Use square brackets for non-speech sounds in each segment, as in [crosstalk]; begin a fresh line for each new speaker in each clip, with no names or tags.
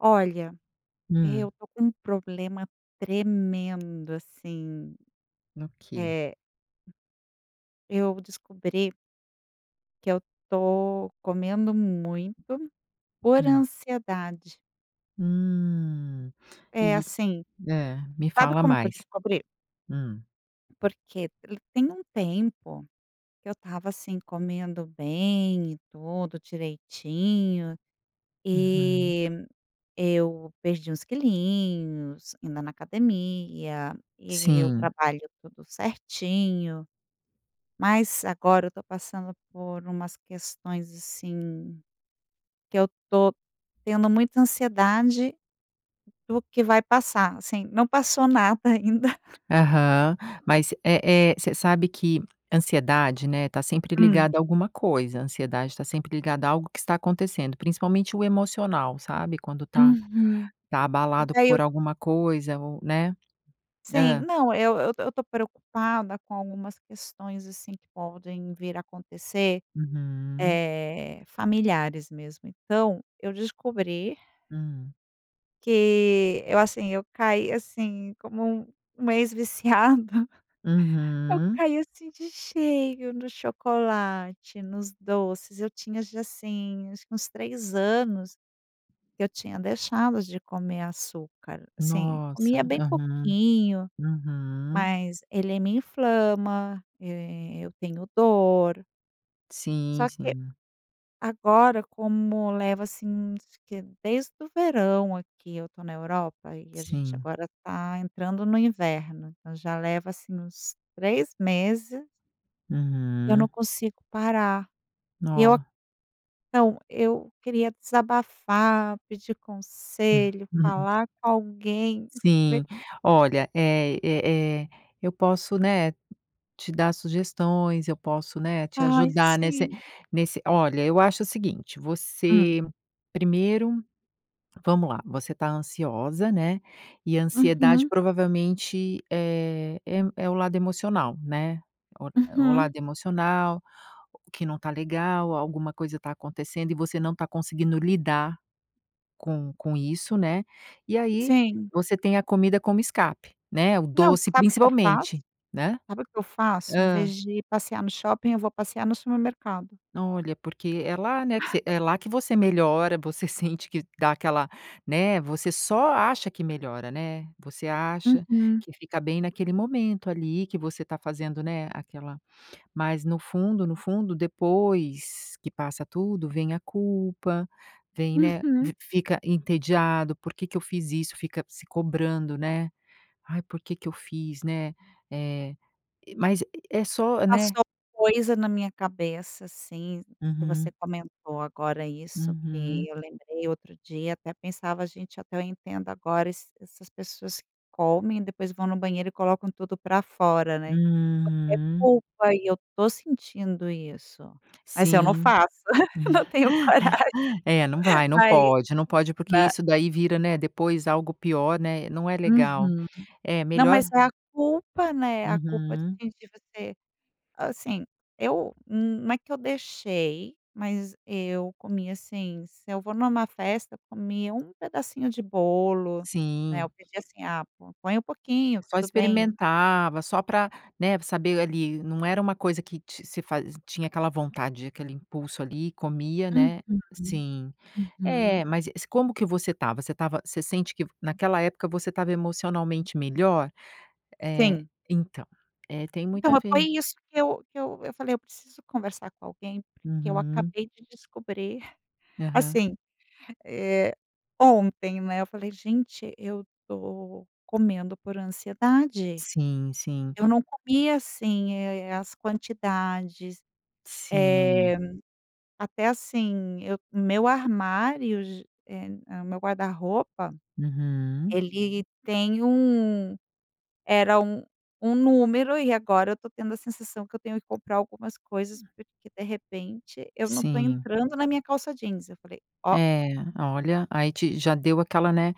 Olha, eu
Hum.
tô com um problema tremendo, assim,
Ok.
eh, eu descobri que eu tô comendo muito, por
Hum.
ansiedade.
Hum.
É,
E
assim
É. Me
Sabe
fala
como que eu
mais.
descobri?
Hum.
Porque ele tem um tempo que eu estava assim comendo bem e tudo direitinho
Uhum.
e eu perdi uns quilinhos, indo na academia e o
Sim.
trabalho tudo certinho, mas agora eu tô passando por umas questões, assim, que eu tô tendo muita ansiedade do que vai passar, assim, não passou nada ainda.
Aham,
[laughs]
mas eh eh, você sabe que ansiedade, né, tá sempre
Hum.
ligada a alguma coisa, ansiedade tá sempre ligada a algo que está acontecendo, principalmente o emocional, sabe? Quando tá
Uhum.
tá abalado
Daí eu
por alguma coisa ou né.
Sim.
Hã.
Não, eu eu eu tô preocupada com algumas questões, assim, podem vir a acontecer,
Uhum.
eh, familiares mesmo, então, eu descobri
Hum.
Que eu, assim, eu caí assim, como um uma ex viciada. [chuckles] Eu
Uhum.
caí, assim, de cheio no chocolate, nos doces. Eu tinha, já, assim, acho que uns 3 anos, que eu tinha deixado de comer açúcar, assim, comia
Nossa!
bem
Aham.
pouquinho,
Uhum.
mas ele me inflama, e eu tenho dor.
Sim,
Só que,
sim.
agora, como leva assim que desde o verão aqui eu tô na Europa e a gente
Sim.
agora tá entrando no inverno. Então, já leva, assim, uns 3 meses eu
Uhum.
não consigo parar, eu a
Nó
Então, eu queria desabafar, pedir
Ah.
conselho,
Ue a
falar com alguém, vê
Sim. Olha, eh, eh, eh, eu posso, né, te dar sugestões, eu posso, né, te
Ai,
ajudar nesse
sim.
nesse Olha, eu acho o seguinte:
Hum.
você primeiro vamos lá, você tá ansiosa, né? E ansiedade
Uhum.
provavelmente, eh, em é o lado emocional, né. O, eh, o
Uhum.
lado emocional, que não tá legal, alguma coisa tá acontecendo e você não tá conseguindo lidar, com com isso, né. E aí,
Sim.
você tem a comida como escape, né? O
Não,
doce,
sabe o que eu faço?
principalmente, né?
Sabe o que eu faço? Em
Hã.
vez de ir passear no shopping, eu vou passear no supermercado.
Olha, porque é lá, né, que
Ah.
você é lá que você melhora, você sente que dá aquela né. Você só acha que melhora, né. Você acha
Uhum.
que fica bem naquele momento ali, que você tá fazendo, né, aquela mas no fundo, no fundo, depois que passa tudo, vem a culpa, vem né.
Uhum.
Vi fica entediado. "Por que que eu fiz isso?". Fica se cobrando, né. "Ai, por que que eu fiz?". Né. Eh, eh, mas é só né.
Passou coisa na minha cabeça, assim, que você
Uhum.
comentou agora isso, que
Uhum.
eu lembrei outro dia, até pensava: "Gente, até eu entendo agora esse essas pessoas que comem, depois vão no banheiro e colocam tudo pra fora". Né. Porque é
Hum.
culpa e eu tô sentindo isso. Mas eu não
Sim.
faço, [giggles]
Nela.
não tenho coragem,
[inhales] É, não
[chuckles]
vai, não
mas
pode, não pode, porque
na
isso daí vira, né, depois algo pior, né. Não é legal,
Uhum.
é
Não,
melhor
mas é a culpa, né, a culpa
Uhum.
de de você, assim, eu, hum, não é que eu deixei, mas eu comia, assim, se eu vou numa festa, eu comia um pedacinho de bolo, né,
Sim
eu pedia assim: "Ah, pô, põe um pouquinho".
Só
Tudo bem.
experimentava, só pra né, saber ali, não era uma coisa que ti se fazi tinha aquela vontade, aquele impulso ali, comia,
Uhum.
né. Sim.
Uhum.
Eh, mas e se Como que você estava? Você estava você sente que naquela época você estava emocionalmente melhor? Eh,
Sim.
então, eh, tem muito
Então,
a
foi
ver.
isso que eu que eu eu falei eu preciso conversar com alguém porque eu
Uhum.
acabei de descobrir,
Aham.
assim, eh, ontem, né, eu falei: "Gente, eu tô comendo por ansiedade.
Sim, sim.
Eu
Tá.
não comia assim, eh, as quantidades,
Sim.
eh, até assim, eu meu armário ge em hã, meu guarda-roupa,
Uhum.
ele tem um era um um número e agora eu tô tendo a sensação que eu tenho que comprar algumas coisas,
Hum a
porque de repente, eu não tô
Sim.
entrando na minha calça jeans, eu falei: "Ó".
É. Olha, aí te já deu aquela né.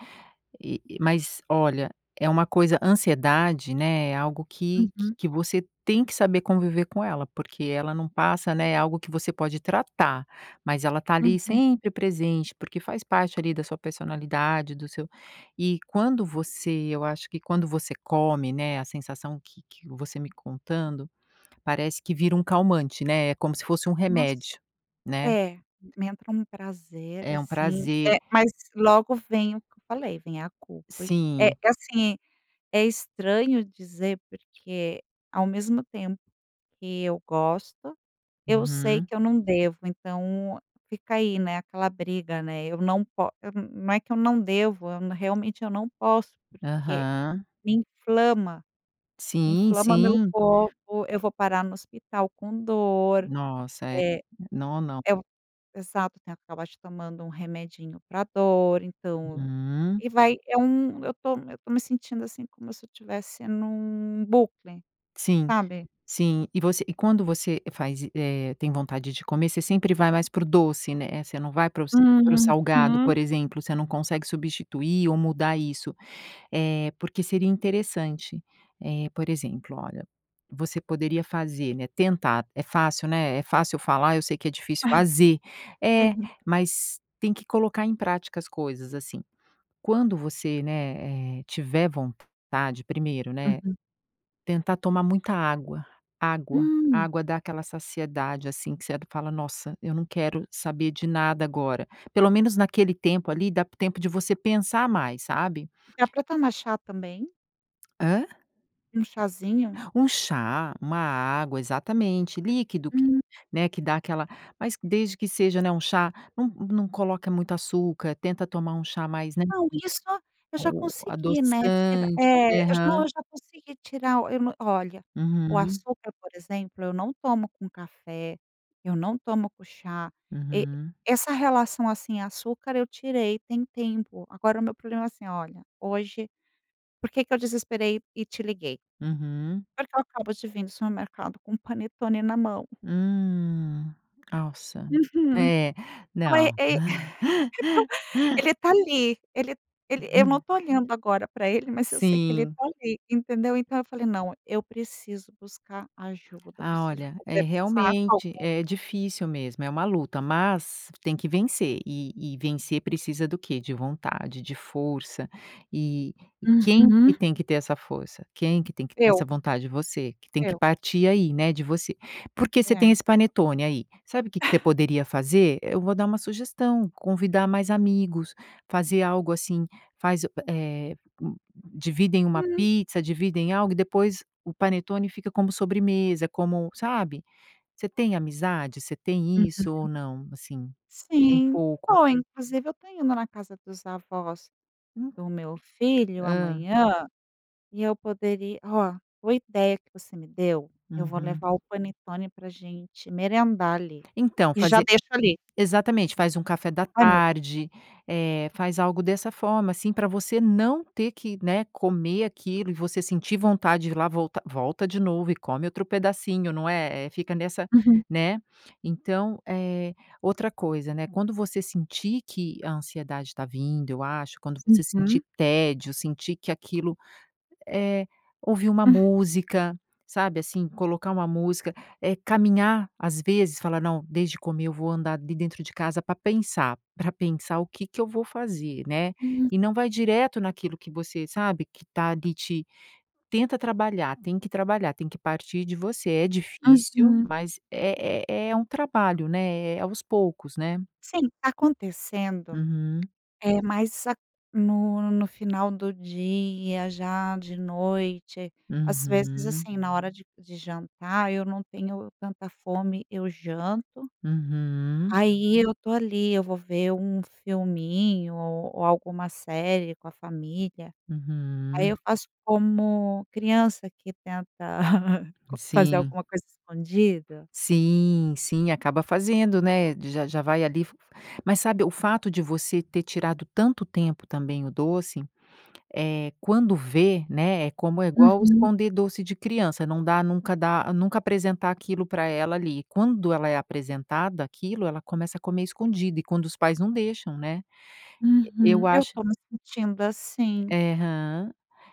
E e mas, olha, é uma coisa ansiedade, né, é algo que que
Uhum.
que você tem que saber conviver com ela, porque ela não passa, né. É algo que você pode tratar, mas ela tá ali,
Uhum.
sempre presente, porque faz parte ali, da sua personalidade, do seu E quando você eu acho que quando você come, né, a sensação que que eu você me contando, parece que vira um calmante, né? É como se fosse um
Nossa.
remédio, né?
É, me entra um prazer
É um
assim,
prazer.
eh, mas logo vem o que eu falei, vem a culpa. É
Sim.
é assim, é estranho dizer porque ao mesmo tempo que eu gosto, eu sei
Uhum.
que eu não devo. Então, fica aí, né, aquela briga, né. Eu não pó eu, hum, hum, é que eu não devo, eu realmente eu não posso porque
Aham.
me inflama.
Sim,
Inflama meu
sim.
corpo, eu vou parar no hospital com dor,
Nossa! É.
eh
Nó não.
eu Exato, tem que acabar acho tomando um remedinho pra dor, então
Uhum. Hum.
E vai é um eu tô eu tô me sentindo assim, como se eu tivesse num bucle,
Sim.
sabe?
Sim. E você e quando você faz e eh, tem vontade de comer, você sempre vai mais para o doce, né? Eh, você não vai para os para o salgado,
Uhum.
por exemplo, você não consegue substituir ou mudar isso. Eh, porque seria interessante, eh, por exemplo, olha, você poderia fazer, né, tentar. É fácil, né, é fácil falar, eu sei que é difícil
Ah.
fazer. É,
Sim.
mas tem que colocar em prática as coisas, assim. Quando você, né, eh, tiver vontade, primeiro, né,
Uhum.
tentar tomar muita água, água.
Hum.
Água dá aquela saciedade, assim, que você fala: "Nossa! Eu não quero saber de nada agora". Pelo menos naquele tempo ali, dá tempo de você pensar mais, sabe?
Dá pra tomar chá também?
Hã?
Um chazinho.
Um chá, uma água, exatamente, líquido que,
Hum.
né, que dá aquela mas desde que seja, né, um chá não não coloca muito açúcar, tenta tomar um chá mais, né.
Não, isso eu já
O
consegui, né, tirar,
adoçante,
eh, eu não
aham.
eu já consegui tirar, eu não olha, o
Uhum.
açúcar, por exemplo, eu não tomo com café, eu não tomo com chá, e
Uhum.
essa relação, assim, açúcar, eu tirei, tem tempo. Agora o meu problema é assim olha, hoje, por que que eu desesperei e te liguei,
Uhum.
por que eu acabo de vir do supermercado com o panetone na mão.
Hum, nossa,
Uhum,
é,
então
não.
é é, [laughs] então
[laughs]
ele tá ali, ele ele eu não
Uhum.
tô olhando agora pra ele, mas eu sei que ele
Sim.
tá ali, entendeu? Então eu falei: "Não, eu preciso buscar ajuda. Eu
Ah,
preciso
olha, é
conversar com
realmente,
alguém".
é difícil mesmo. É uma luta, mas tem que vencer e e vencer precisa do quê, de vontade, de força. E quem que
Uhum.
tem que ter essa força, quem que tem que ter essa
Eu.
vontade? Você, que tem que
Eu.
partir aí, né, de você. Porque você tem
É.
esse panetone aí sabe o que que você poderia fazer? Eu vou dar uma sugestão, convidar mais amigos, fazer algo assim faz u eh, u dividem uma
Hum.
pizza, dividem algo e depois o panetone fica como sobremesa, como sabe, você tem amizade? Você tem isso ou
Uhum.
não? Assim, tem
Sim,
pouco.
bom, inclusive eu tô indo na casa dos avós
Hum.
do meu filho
Hã.
amanhã e eu poderia ó, boa ideia que você me deu. Eu vou
Uhum.
levar o panetone pra a gente merendar ali
Então
e já
fazer
deixo ali.
exatamente faz um café da
Ai, meu Deus.
tarde, eh, faz algo dessa forma, assim, pra você não ter que, né, comer aquilo e você sentir vontade de ir lá, volta volta de novo e come outro pedacinho, não é, é, fica nessa,
Uhum.
né. Então, eh, outra coisa, né, quando você sentir que a ansiedade tá vindo, eu acho, quando você sentir
Uhum.
tédio, sentir que aquilo é ouvir uma
Hum.
música, sabe assim, colocar uma música, é caminhar, às vezes falar: "Não, deixo de comer, eu vou andar ali dentro de casa pra pensar, pra pensar o que que eu vou fazer", né?
Hum.
E não vai direto naquilo que você sabe que tá ali te tenta trabalhar, tem que trabalhar, tem que partir de você. É difícil,
Uhum.
mas é é é um trabalho, né? É é aos poucos, né?
Sim, tá acontecendo.
Uhum.
É mais a no no final do dia, já de noite, às vezes,
Uhum.
assim, na hora de de jantar, eu não tenho tanta fome, eu janto.
Uhum.
Aí eu tô ali, eu vou ver um filminho ou ou alguma série com a família. Aí
Uhum.
eu faço como criança que tenta [laughs] fazer
Sim.
alguma coisa escondida.
Sim, sim, acaba fazendo, né, já já vai ali, f f mas sabe o fato de você ter tirado tanto tempo também o doce, eh, quando vê, né, é como é igual
Uhum.
esconder doce de criança, não dá nunca dá nunca apresentar aquilo para ela ali, quando ela é apresentada àquilo, ela começa a comer escondido e quando os pais não deixam, né.
Uhum,
Eu
eu
acho
tô me sentindo assim.
É aham,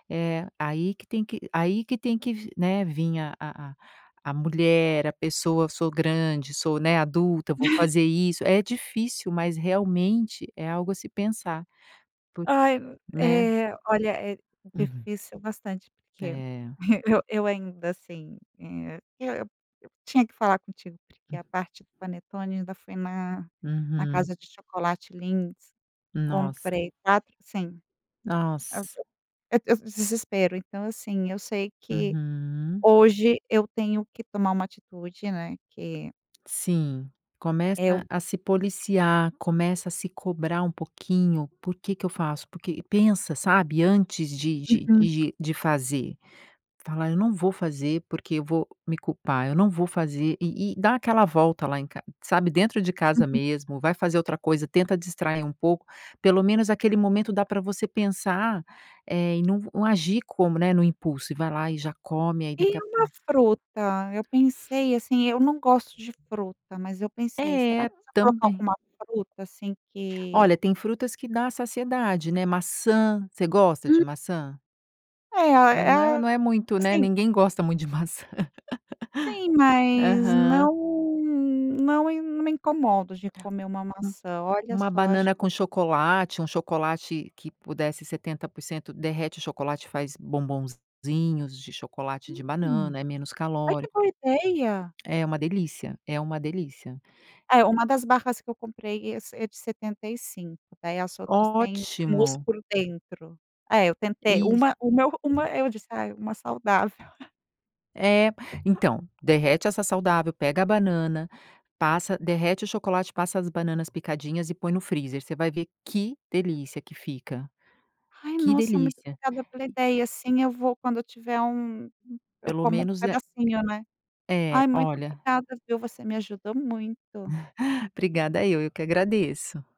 é, aí que tem que aí que tem que, né, vim a a a a mulher, a pessoa, sou grande, sou, né, adulta, vou
[laughs]
fazer isso. É difícil, mas realmente é algo a se pensar, porque,
Ai
né?
é olha, é
Uhum.
difícil bastante, porque
É.
e eu eu ainda assim, eh, eu eu tinha que falar contigo, porque
Hum.
a parte do panetone ainda foi na na
Uhum.
casa de chocolate Lindt
Nossa.
comprei quatro sim, eu
Nossa.
eu eu desespero, então assim, eu sei que
Uhum.
hoje eu tenho que tomar uma atitude, né. Que
Sim,
eu.
começa a se policiar, começa a se cobrar um pouquinho. Por que que eu faço? Porque pensa, sabe, antes de de
Uhum.
de de de fazer, fala eu não vou fazer, porque eu vou me culpar. Eu não vou fazer. E e dá aquela volta lá em ca sabe, dentro de casa
Uhum.
mesmo, vai fazer outra coisa, tenta distrair um pouco, pelo menos aquele momento, dá para você pensar, eh, em não v não agir como, né, no impulso, e vai lá e já come aí daqui
E
a
uma
pouco.
fruta? Eu pensei, assim, eu não gosto de fruta, mas eu pensei: "Será
É,
que se eu colocar
também.
alguma fruta, assim, que"
Olha, tem frutas que dá a saciedade, né. Maçã, você gosta de
Hum.
maçã?
É,
Não,
é
não é,
a
não é muito, né.
assim.
Ninguém gosta muito de maçã.
Sim,
[laughs]
mas
Aham.
não não e não me incomodo de comer uma maçã. Olha
Uma
só, acho
banana
que.
com chocolate, um chocolate que puder ser 70% derrete o chocolate faz bombonzinhos de chocolate de
Hum.
banana é menos
Ai, que
calórico.
boa ideia.
É uma delícia, é uma delícia.
É uma das barras que eu comprei, esse é de 75, daí as outras têm mousse
Ótimo.
por dentro. É, eu tentei
Isso.
uma uma uma, eu disse: "Ah, uma saudável". [chuckles]
É, então derrete essa saudável, pega a banana, passa, derrete o chocolate, passa as bananas picadinhas e põe no freezer. Você vai ver que delícia que fica.
Ai
Que
nossa, muito
delícia.
obrigada pela
E.
ideia e assim eu vou quando eu tiver um eu
Pelo
como um
menos é
pedacinho, né?
é,
Ai, muito
olha.
obrigada, viu, você me ajudou muito.
Obrigada eu, eu que agradeço.